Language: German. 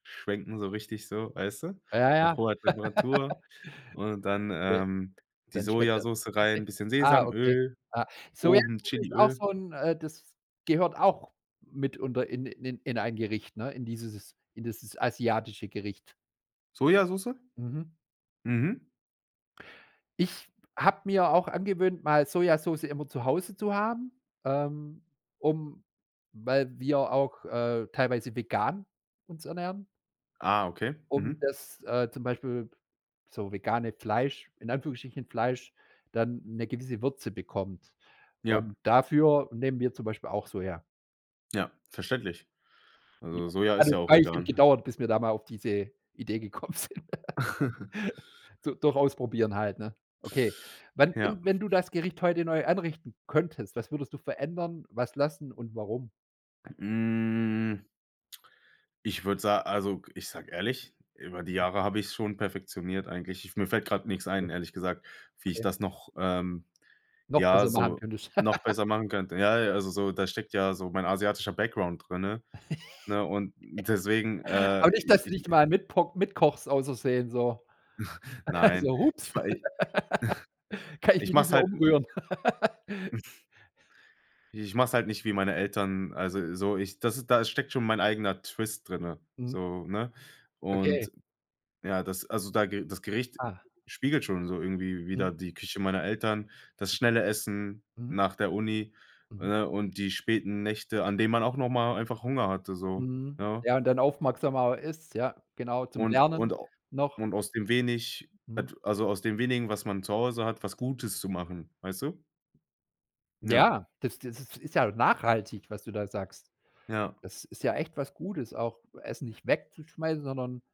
Schwenken so richtig so, weißt du? Ja, ja. Auf hoher Temperatur. Und dann, Okay, ähm, die dann schmeckt das. Sojasoße rein, bisschen Ah, okay. Sesamöl, Ah, oben Sojasoße ist auch Chiliöl. so 'n, äh, das gehört auch mitunter in in in ein Gericht, ne? In dieses in dieses asiatische Gericht. Sojasoße? Mhm. Mhm. Ich habe mir auch angewöhnt, mal Sojasoße immer zu Hause zu haben, ähm, um weil wir auch, äh, teilweise vegan uns ernähren Ah, okay. um Mhm. das, äh, zum Beispiel so vegane Fleisch in Anführungsstrichen Fleisch, dann 'ne gewisse Würze bekommt. Ja. Und dafür nehmen wir zum Beispiel auch Soja. Ja, verständlich. Also Soja hat ist 'n ja auch Weilchen vegan. gedauert, bis wir da mal auf diese Idee gekommen sind. D durch Ausprobieren halt, ne? Okay. Wann we Ja. wenn du das Gericht heute neu anrichten könntest, was würdest du verändern, was lassen und warum? Hm. Ich würd sa also, ich sage ehrlich, über die Jahre habe ich es schon perfektioniert eigentlich. Ich mir fällt gerade nix Okay. ein, ehrlich gesagt, wie ich Okay. das noch, ähm, Noch ja, besser machen so könntest. noch besser machen könnte. Ja, ja, also so da steckt ja so mein asiatischer Background drinne, ne? Und deswegen, äh, Aber nicht, dass du ich dich äh mal mitpok mit kochst ausversehen, so Nein. so: Ich „Hups, mei kann ich ich mich nicht mach's mehr halt, n umrühren”. Ich mach's halt nicht, wie meine Eltern, also so, ich das ist da steckt schon mein eigener Twist drinne, Mhm. so, ne? Okay. Und ja, das also da das Gericht Ah. spiegelt schon so irgendwie Mhm. wider die Küche meiner Eltern, das schnelle Essen Mhm. nach der Uni, Mhm. ne? Und die späten Nächte, an denen man auch noch mal einfach Hunger hatte so, Mhm. ja. Ja, und dann aufmerksamer man ist, ja. Genau, zum Und Lernen und a noch. und aus dem wenig, Mhm. et also aus dem wenigen, was man zu Hause hat, was Gutes zu machen, weißt du? Ja. Ja, das das ist ja noch nachhaltig, was du da sagst. Ja. Das ist ja echt was Gutes, auch Essen nicht wegzuschmeißen, sondern